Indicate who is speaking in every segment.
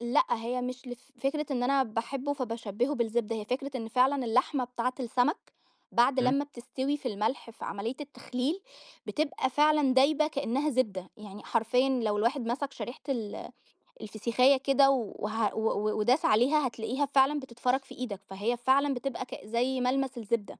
Speaker 1: لأ هي مش ل فكرة إن أنا باحبه فبشبهُه بالزبدة، هي فكرة إن فعلًا اللحمة بتاعة السمك بعد
Speaker 2: إمم.
Speaker 1: لمّا بتستوي في الملح، في عملية التخليل بتبقى فعلًا دايبة كأنها زبدة، يعني حرفيًا لو الواحد مسك شريحة ال الفسيخاية كده، و وه وداس عليها هتلاقيها فعلًا بتتفرَط في إيدك، فهي فعلًا بتبقى ك زي ملمس الزبدة.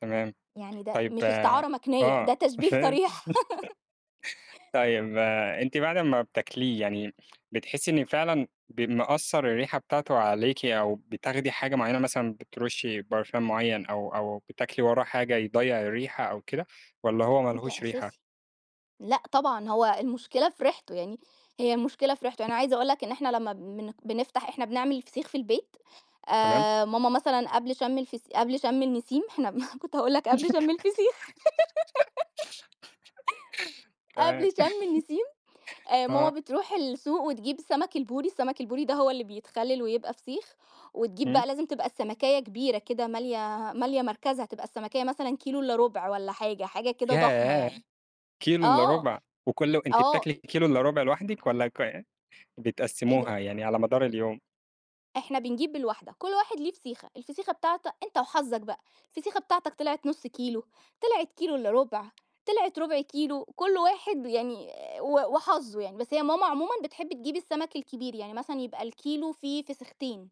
Speaker 2: تمام،
Speaker 1: يعني ده
Speaker 2: طيّب،
Speaker 1: مش
Speaker 2: آآ،
Speaker 1: استعارة مكنية،
Speaker 2: آه
Speaker 1: ده تشبيه
Speaker 2: فهمت،
Speaker 1: صريح
Speaker 2: طيّب، آآ، أنتِ بعد امّا بتاكليه، يعني بتحسي إن فعلًا ب مأثّر الريحة بتاعتُه عليكِ، أو بتاخدي حاجة معيّنة مثلًا بترشي برفان معيّن، أو أو بتاكلي وراه حاجة يضيّع الريحة أو كده، والَّا هو ما
Speaker 1: ده
Speaker 2: لهوش ريحة؟
Speaker 1: أساسي، لأ طبعًا هو المشكلة في ريحتُه، يعني هي المشكلة في ريحتُه أنا عايزة أقول لك إن إحنا لمّا بن بنفتح إحنا بنعمل فسيخ في البيت
Speaker 2: تمام.
Speaker 1: آآ، ماما مثلًا قبل شم الفس قبل شم النسيم إحنا كنت هاقول لك قبل شم الفسيخ.
Speaker 2: تمام.
Speaker 1: قبل شم
Speaker 2: آه.
Speaker 1: النسيم آآ، ماما
Speaker 2: آه.
Speaker 1: بتروح السوق وتجيب سمك البوري، السمك البوري ده هو اللي بيتخلِّل ويبقى فسيخ، وتجيب
Speaker 2: إمم.
Speaker 1: بقى لازم تبقى السمكاية كبيرة كده مالية، مالية مركزها تبقى السمكاية مثلًا كيلو إلّا رُبع والَّا حاجة، حاجة كده ضخمة
Speaker 2: ياه!
Speaker 1: يعني.
Speaker 2: كيلو إلّا
Speaker 1: آه،
Speaker 2: رُبع! وكُلّ أنتِ
Speaker 1: آه.
Speaker 2: بتاكلي الكيلو إلّا رُبع لوحدِك، والَّا ك
Speaker 1: إيه ده!
Speaker 2: بتقسّموها يعني على مدار اليوم؟
Speaker 1: إحنا بنجيب بالواحدة، كل واحد ليه فسيخة، الفسيخة بتاعتك أنت وحظك بقى، الفسيخة بتاعتك طلعت نُصّ كيلو، طلعت كيلو إلّا رُبع، طلعت ربع كيلو، كل واحد يعني و وحظُه يعني، بس هي ماما عمومًا بتحب تجيب السمك الكبير، يعني مثلًا يبقى الكيلو فيه فسيختين.